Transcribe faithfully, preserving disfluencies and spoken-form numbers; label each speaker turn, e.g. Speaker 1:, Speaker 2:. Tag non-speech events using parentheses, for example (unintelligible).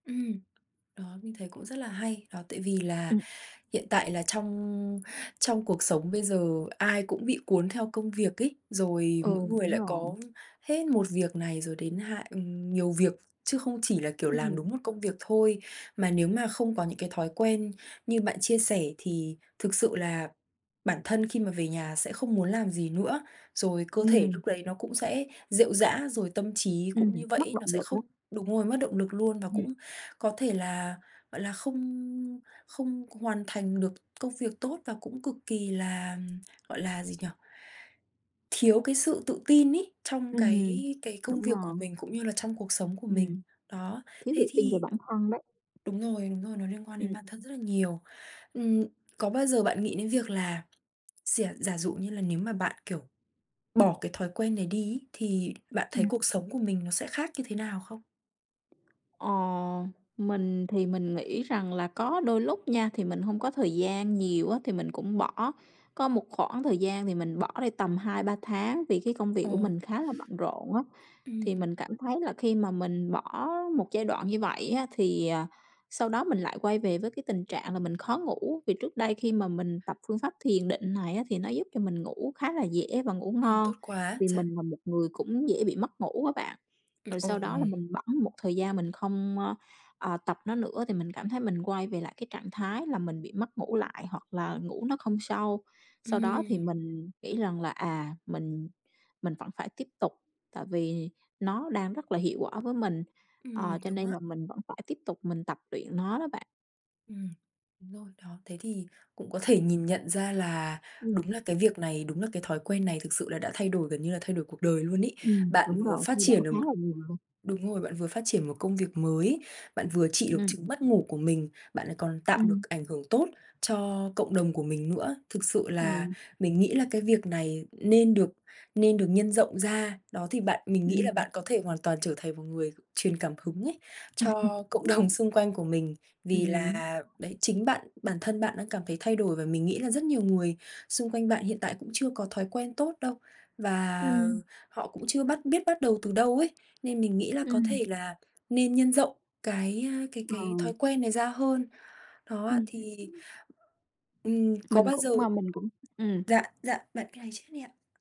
Speaker 1: Ừm. Đó, mình thấy cũng rất là hay. Đó, tại vì là
Speaker 2: Ừm.
Speaker 1: hiện tại là trong trong cuộc sống bây giờ ai cũng bị cuốn theo công việc ấy. Rồi
Speaker 2: Ừ,
Speaker 1: mỗi người
Speaker 2: đúng
Speaker 1: lại
Speaker 2: rồi.
Speaker 1: có hết một việc này rồi đến hạn ừm, nhiều việc chứ không chỉ là, kiểu, làm
Speaker 2: Ừm.
Speaker 1: đúng một công việc thôi. Mà nếu mà không có những cái thói quen như bạn chia sẻ thì thực sự là bản thân khi mà về nhà sẽ không muốn làm gì nữa, rồi cơ thể
Speaker 2: Ừm.
Speaker 1: lúc đấy nó cũng sẽ rệu rã, rồi tâm trí
Speaker 2: Ừm,
Speaker 1: cũng như vậy
Speaker 2: mất
Speaker 1: ấy,
Speaker 2: động
Speaker 1: nó sẽ
Speaker 2: lực đó.
Speaker 1: không đúng rồi, mất động lực luôn và
Speaker 2: Ừm.
Speaker 1: cũng có thể là, gọi là, không không hoàn thành được công việc tốt và cũng cực kỳ là, gọi là, gì nhỉ? thiếu cái sự tự tin ấy, trong cái
Speaker 2: Ừm.
Speaker 1: cái công
Speaker 2: Đúng
Speaker 1: việc
Speaker 2: rồi.
Speaker 1: của mình cũng như là trong cuộc sống của mình.
Speaker 2: Ừm.
Speaker 1: Đó,
Speaker 2: Thiếu
Speaker 1: thế
Speaker 2: tự tin về
Speaker 1: thì
Speaker 2: bản thân đấy.
Speaker 1: đúng rồi, đúng rồi, nó liên quan đến
Speaker 2: Ừm.
Speaker 1: bản thân rất là nhiều. Ừm, có bao giờ bạn nghĩ đến việc là xỉa giả dụ như là, nếu mà bạn, kiểu, bỏ cái thói quen này đi ấy, thì bạn thấy
Speaker 2: Ừm.
Speaker 1: cuộc sống của mình nó sẽ khác như thế nào không?
Speaker 2: Ờ, mình thì mình nghĩ rằng là có đôi lúc nha. Thì mình hông có thời gian nhiều á, thì mình cũng bỏ. Có một khoảng thời gian thì mình bỏ đi tầm hai ba tháng, vì cái công việc của
Speaker 1: Ồ.
Speaker 2: mình khá là bận rộn á, thì
Speaker 1: Ừm.
Speaker 2: mình cảm thấy là khi mà mình bỏ một giai đoạn như vậy á, thì à, sau đó mình lại quay về với cái tình trạng là mình khó ngủ. Vì trước đây khi mà mình tập phương pháp thiền định này á, thì nó giúp cho mình ngủ khá là dễ và ngủ
Speaker 1: Ừm,
Speaker 2: ngon,
Speaker 1: tốt quá
Speaker 2: vì
Speaker 1: trời.
Speaker 2: mình là một người cũng dễ bị mất ngủ á bạn. Rồi
Speaker 1: (unintelligible)
Speaker 2: sau đó là
Speaker 1: Ồ.
Speaker 2: mình bẫng một thời gian mình không a, à, tập nó nữa thì mình cảm thấy mình quay về lại cái trạng thái là mình bị mất ngủ lại hoặc là ngủ nó không sâu. Sau đó thì
Speaker 1: Ừm.
Speaker 2: mình nghĩ rằng là à, mình mình vẫn phải tiếp tục. Tại vì nó đang rất là hiệu quả với mình.
Speaker 1: Ừm,
Speaker 2: Ờ, cho
Speaker 1: đúng
Speaker 2: nên
Speaker 1: á.
Speaker 2: là mình vẫn phải tiếp tục mình tập luyện nó đó bạn.
Speaker 1: Ừm, đúng rồi. Đó, thế thì cũng có thể nhìn nhận ra là,
Speaker 2: Ừm.
Speaker 1: đúng là cái việc này, đúng là cái thói quen này thực sự là đã thay đổi gần như là thay đổi cuộc đời luôn ấy.
Speaker 2: Ừm,
Speaker 1: Bạn
Speaker 2: đúng
Speaker 1: vừa
Speaker 2: rồi,
Speaker 1: phát
Speaker 2: thay đổi
Speaker 1: triển được
Speaker 2: khá là nhiều luôn.
Speaker 1: đúng rồi, bạn vừa phát triển một công việc mới, bạn vừa trị được
Speaker 2: Ừm.
Speaker 1: chứng mất ngủ của mình, bạn lại còn tạo được
Speaker 2: Ừm.
Speaker 1: ảnh hưởng tốt cho cộng đồng của mình nữa. Thực sự là
Speaker 2: Ừm.
Speaker 1: mình nghĩ là cái việc này nên được nên được nhân rộng ra. Đó, thì bạn mình nghĩ
Speaker 2: Ừm,
Speaker 1: là
Speaker 2: ừm.
Speaker 1: bạn có thể hoàn toàn trở thành một người truyền cảm hứng ấy, cho cộng đồng
Speaker 2: (chuckles)
Speaker 1: xung quanh của mình. Vì
Speaker 2: Ừm.
Speaker 1: là, đấy, chính bạn, bản thân bạn đang cảm thấy thay đổi và mình nghĩ là rất nhiều người xung quanh bạn hiện tại cũng chưa có thói quen tốt đâu. Và
Speaker 2: Ừm.
Speaker 1: họ cũng chưa bắt biết bắt đầu từ đâu ấy, nên mình nghĩ là có
Speaker 2: Ừm.
Speaker 1: thể là nên nhân rộng cái a, cái
Speaker 2: Ờ.
Speaker 1: cái thói quen này ra hơn. Đó ạ,
Speaker 2: Ừm,
Speaker 1: thì,
Speaker 2: ưm.
Speaker 1: ừm, có
Speaker 2: Mình
Speaker 1: bao
Speaker 2: cũng
Speaker 1: giờ
Speaker 2: mà mình cũng ừm.
Speaker 1: dạ dạ, bạn cứ nói trước đi ạ.